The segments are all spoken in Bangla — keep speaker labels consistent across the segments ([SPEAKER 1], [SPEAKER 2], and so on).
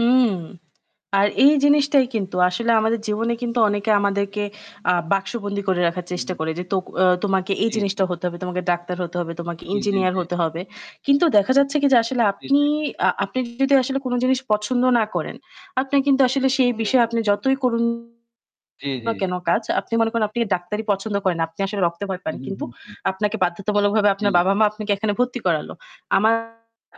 [SPEAKER 1] উম আর এই জিনিসটাই কিন্তু আসলে আমাদের জীবনে কিন্তু
[SPEAKER 2] জি,
[SPEAKER 1] অনেকে
[SPEAKER 2] জি, জি।
[SPEAKER 1] আমাদেরকে আ বাক্সবন্দী করে রাখার চেষ্টা
[SPEAKER 2] উ
[SPEAKER 1] করে যে তোক আ তোমাকে এই
[SPEAKER 2] জি, জি।
[SPEAKER 1] জিনিসটা হতে হবে, তোমাকে ডাক্তার হতে হবে, তোমাকে
[SPEAKER 2] জি, জি,
[SPEAKER 1] ইঞ্জিনিয়ার
[SPEAKER 2] জি।
[SPEAKER 1] হতে হবে। কিন্তু দেখা যাচ্ছে কি যে আসলে
[SPEAKER 2] জি, জি।
[SPEAKER 1] আপনিই আ আপনি যদি আসলে কোন জিনিস পছন্দ না করেন, আপনি কিন্তু আসলে সেই বিষয়ে
[SPEAKER 2] [unintelligible]
[SPEAKER 1] আপনি যতই করুন
[SPEAKER 2] জি, জি।
[SPEAKER 1] না কেন কাজ, আপনি মনে করেন আপনি ডাক্তারী পছন্দ করেন না। আপনি আসলে রক্তে ভয় পান
[SPEAKER 2] উহু,
[SPEAKER 1] কিন্তু
[SPEAKER 2] হু, হু।
[SPEAKER 1] আপনাকে বাধ্যতামূলক ভাবে
[SPEAKER 2] জি।
[SPEAKER 1] আপনার বাবা-মা আপনাকে এখানে ভর্তি করালো। আমার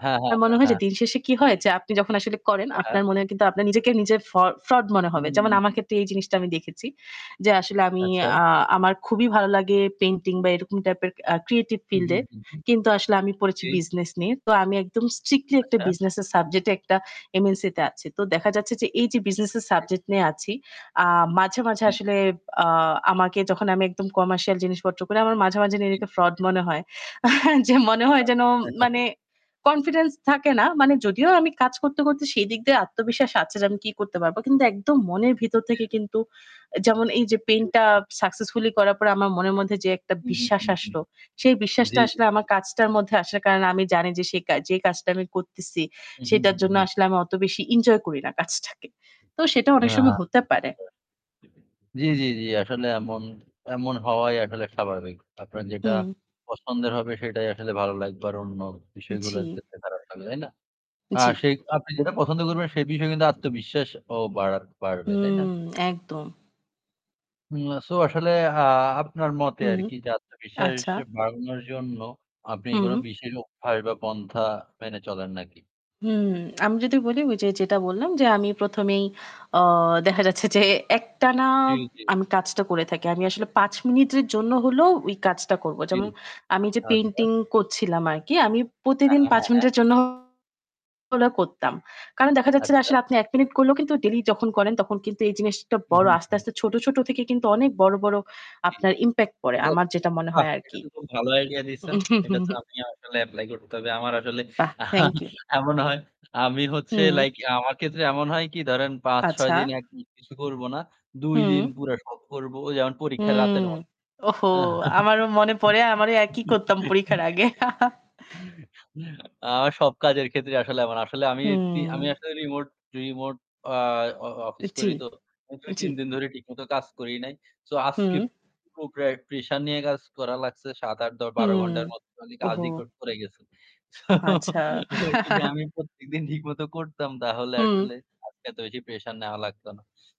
[SPEAKER 2] হ্যাঁ, হ্যাঁ,
[SPEAKER 1] মনে
[SPEAKER 2] হ্যাঁ,
[SPEAKER 1] হয় যে
[SPEAKER 2] হ্যাঁ।
[SPEAKER 1] দিনশেষে কি হয়, যে আপনি যখন আসলে করেন
[SPEAKER 2] হ্যাঁ, হ্যাঁ।
[SPEAKER 1] আপনার মনেও কিন্তু আপনার নিজেকে নিজের ফ ফ্রড মনে হবে।
[SPEAKER 2] উম
[SPEAKER 1] যেমন আমার
[SPEAKER 2] হু।
[SPEAKER 1] ক্ষেত্রে এই জিনিসটা আমি দেখেছি, যে আসলে আমি
[SPEAKER 2] আচ্ছা।
[SPEAKER 1] আ আমার খুবই ভালো লাগে পেইন্টিং বা এরকম টাইপের আ ক্রিয়েটিভ
[SPEAKER 2] উহু,
[SPEAKER 1] ফিল্ডে।
[SPEAKER 2] হু, হু।
[SPEAKER 1] কিন্তু আসলে আমি পড়েছি
[SPEAKER 2] জি।
[SPEAKER 1] বিজনেস নিয়ে। তো আমি একদম স্ট্রিক্টলি একটা
[SPEAKER 2] আচ্ছা।
[SPEAKER 1] বিজনেসের সাবজেক্টে একটা MNC তে আছি। তো দেখা যাচ্ছে যে এই যে বিজনেসের
[SPEAKER 2] বুঝছি।
[SPEAKER 1] সাবজেক্ট নিয়ে আছি আ মাঝে, মাঝে
[SPEAKER 2] জি,
[SPEAKER 1] আসলে
[SPEAKER 2] জি।
[SPEAKER 1] আ আমাকে যখন আমি একদম কমার্শিয়াল জিনিসপত্র করি, আমার মাঝে, মাঝে
[SPEAKER 2] জি,
[SPEAKER 1] নিজেকে
[SPEAKER 2] জি,
[SPEAKER 1] ফ্রড
[SPEAKER 2] জি।
[SPEAKER 1] মনে হয়। যে মনে হয় যেন
[SPEAKER 2] [unintelligible]
[SPEAKER 1] মানে কনফিডেন্স থাকে না। মানে যদিও আমি কাজ করতে, করতে সেই দিক দিয়ে আত্মবিশ্বাস আছে যে আমি কি করতে পারব কিন্তু একদম মনের ভিতর থেকে
[SPEAKER 2] [unintelligible]
[SPEAKER 1] কিন্তু অ্যা যেমন এই যে
[SPEAKER 2] জি,
[SPEAKER 1] পেইন্টটা
[SPEAKER 2] জি।
[SPEAKER 1] successfully করার পরে আমার মনের মধ্যে, যে একটা
[SPEAKER 2] হু, হু,
[SPEAKER 1] বিশ্বাস
[SPEAKER 2] হু, হু।
[SPEAKER 1] আসলো সেই বিশ্বাসটা
[SPEAKER 2] জি, জি।
[SPEAKER 1] আসলে আমার কাজটার মধ্যে আসার কারণ আমি জানি যে সে কা যেই কাজটা আমি করতেছি
[SPEAKER 2] উহু,
[SPEAKER 1] সেটার
[SPEAKER 2] হু,
[SPEAKER 1] জন্য
[SPEAKER 2] হু।
[SPEAKER 1] আসলে আমি অত বেশি এনজয় করি না কাজটাকে। তো সেটা
[SPEAKER 2] আ
[SPEAKER 1] অনেক সময়
[SPEAKER 2] [unintelligible]
[SPEAKER 1] হতে পারে।
[SPEAKER 2] জি, জি, জি আসলে এমন, এমন হওয়াই আসলে স্বাভাবিক। আপনার যেটা
[SPEAKER 1] হুম।
[SPEAKER 2] পছন্দের হবে সেটাই আসলে ভালো লাগবে আর অন্য বিষয়গুলা
[SPEAKER 1] জি।
[SPEAKER 2] দেখতে খারাপ লাগবে, তাই না? আর
[SPEAKER 1] জি।
[SPEAKER 2] সেই আপনি যেটা পছন্দ করবেন সেই বিষয়ে কিন্তু আত্মবিশ্বাসও বাড়া বাড়বে, তাই না?
[SPEAKER 1] হুম, একদম।
[SPEAKER 2] উম আ সো আসলে, আ আপনার মতে আর
[SPEAKER 1] হুম,
[SPEAKER 2] কি যে আত্মবিশ্বাস
[SPEAKER 1] আচ্ছা।
[SPEAKER 2] বাড়ানোর জন্য আপনি কোন
[SPEAKER 1] হুম।
[SPEAKER 2] বিশেষ অভ্যাস বা পন্থা মেনে চলেন নাকি?
[SPEAKER 1] হুম, আমি যদি বলি ওই যে যেটা বললাম যে আমি ১ম, এই অ দেখা যাচ্ছে যে একটানা
[SPEAKER 2] জি, জি।
[SPEAKER 1] আমি কাজটা করে থাকি। আমি আসলে ৫ মিনিটের জন্য হলেও ওই কাজটা করব।
[SPEAKER 2] জি,
[SPEAKER 1] যেমন আমি যে
[SPEAKER 2] আচ্ছা।
[SPEAKER 1] পেইন্টিং করছিলাম আর কি আমি
[SPEAKER 2] আ
[SPEAKER 1] প্রতিদিন ৫
[SPEAKER 2] হ্যাঁ।
[SPEAKER 1] মিনিটের জন্য হলেও করতাম। কারণ দেখা যাচ্ছে যে
[SPEAKER 2] আচ্ছা।
[SPEAKER 1] আসলে আপনি ১ মিনিট করলেও কিন্তু ডেইলি যখন করেন তখন কিন্তু এই জিনিসটা বড়
[SPEAKER 2] উহু,
[SPEAKER 1] আস্তে,
[SPEAKER 2] হু।
[SPEAKER 1] আস্তে ছোট, ছোট থেকে কিন্তু অনেক বড়, বড়
[SPEAKER 2] জি।
[SPEAKER 1] আপনার impact পড়ে।
[SPEAKER 2] এটা
[SPEAKER 1] আমার যেটা মনে
[SPEAKER 2] বাহ!
[SPEAKER 1] হয় আর
[SPEAKER 2] এটা
[SPEAKER 1] কি।
[SPEAKER 2] তো খুব ভালো idea দিচ্ছেন। এটা তো আমি আসলে apply করতে হবে। আমার আসলে
[SPEAKER 1] বাহ! thank you।
[SPEAKER 2] এমন হয় আমি হচ্ছে
[SPEAKER 1] হুম।
[SPEAKER 2] like আমার ক্ষেত্রে এমন হয় কি ধরেন ৫-৬
[SPEAKER 1] আচ্ছা।
[SPEAKER 2] দিন একদম কিছু করব না। ২ দিন
[SPEAKER 1] হুম।
[SPEAKER 2] পুরা সব করব। অ যেমন পরীক্ষার
[SPEAKER 1] হুম।
[SPEAKER 2] রাতের মত।
[SPEAKER 1] ওহো! আমারও মনে পড়ে আমারও একই করতাম পরীক্ষার আগে।
[SPEAKER 2] আমার সব কাজের ক্ষেত্রে আসলে এমন। আসলে আমি তি আমি
[SPEAKER 1] হুম।
[SPEAKER 2] আসলে remote remote, আ অ অ
[SPEAKER 1] উ
[SPEAKER 2] office
[SPEAKER 1] জি,
[SPEAKER 2] করি তো।
[SPEAKER 1] জি।
[SPEAKER 2] ২-৩ দিন ধরে ঠিকমতো কাজ করি নাই। So
[SPEAKER 1] হুম।
[SPEAKER 2] আজকে খুব প্রা pressure নিয়ে কাজ করা লাগছে। ৭-৮ দ ১২
[SPEAKER 1] হুম।
[SPEAKER 2] ঘণ্টার মত খালি
[SPEAKER 1] ওহো!
[SPEAKER 2] কাজই ক করে গেছি।
[SPEAKER 1] আচ্ছা।
[SPEAKER 2] ওই যদি আমি প্রত্যেকদিন ঠিকমতো করতাম তাহলে
[SPEAKER 1] হুম।
[SPEAKER 2] আসলে আজকে এত বেশি pressure নেওয়া লাগত না।